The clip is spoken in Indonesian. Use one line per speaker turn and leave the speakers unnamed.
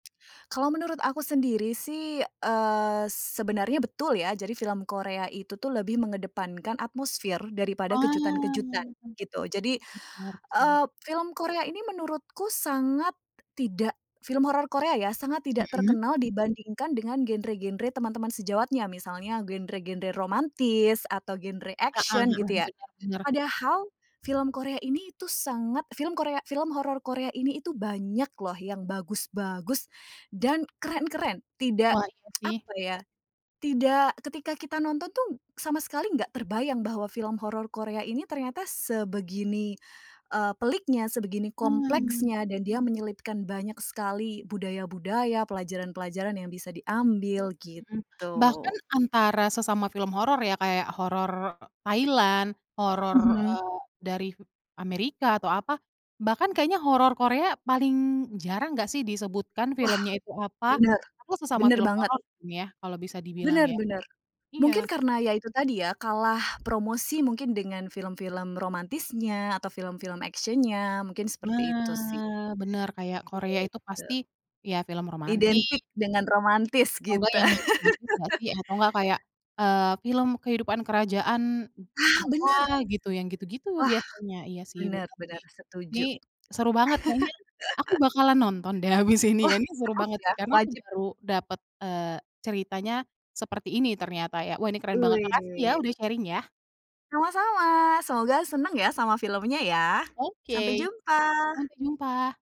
Kalau menurut aku sendiri sih, eee, sebenarnya betul ya. Jadi film Korea itu tuh lebih mengedepankan atmosfer daripada kejutan-kejutan,
Oh.
gitu. Jadi,
Benar sih.
eee, film Korea ini menurutku sangat tidak film horor Korea ya, sangat tidak
Mhm.
terkenal dibandingkan dengan genre-genre teman-teman sejawatnya, misalnya genre-genre romantis, atau genre
Heeh
action
heeh,
gitu ya.
beda benar.
Padahal film Korea ini, itu sangat film Korea, film horor Korea ini itu banyak loh yang bagus-bagus dan keren-keren. Tidak
Wah, iya sih.
apa ya, tidak ketika kita nonton tuh sama sekali nggak terbayang bahwa film horor Korea ini ternyata sebegini, eee, peliknya, sebegini
Mmm.
kompleksnya dan dia menyelipkan banyak sekali budaya-budaya, pelajaran-pelajaran yang bisa diambil,
Hmm. Bahkan
gitu.
antara sesama film horor ya kayak horor Thailand, horor,
Mhm.
eee, dari Amerika atau apa, bahkan kayaknya horor Korea paling jarang nggak sih disebutkan
Wah.
filmnya itu apa?
Benar.
Atau sesama
Benar
film
banget.
horor mungkin ya, kalau bisa dibilang
Benar
ya.
benar.
Iya.
Mungkin karena ya itu tadi ya, kalah promosi mungkin dengan film-film romantisnya, atau film-film action-nya, mungkin seperti itu sih.
Nah, benar kayak Korea itu
Gitu.
pasti, ya film romantis.
Identik dengan romantis
Atau nggak
gitu.
yang magis-magis nggak sih? Atau nggak, kayak, eee, film kehidupan kerajaan
Ah
apa
benar.
gitu, yang gitu-gitu
Wah,
biasanya, iya sih,
benar
benar
benar,
sih. Ini,
setuju.
seru banget kayaknya, aku bakalan nonton deh, habis ini
Wah,
ya, ini seru
harus
banget
ya,
sih karena aku
wajib.
baru dapet, eee, ceritanya seperti ini ternyata ya. Wah, ini keren banget, makasih ya
Wih.
udah sharing ya.
Sama-sama. Semoga senang ya sama filmnya ya. Sampai
Oke.
jumpa.
Sampai jumpa.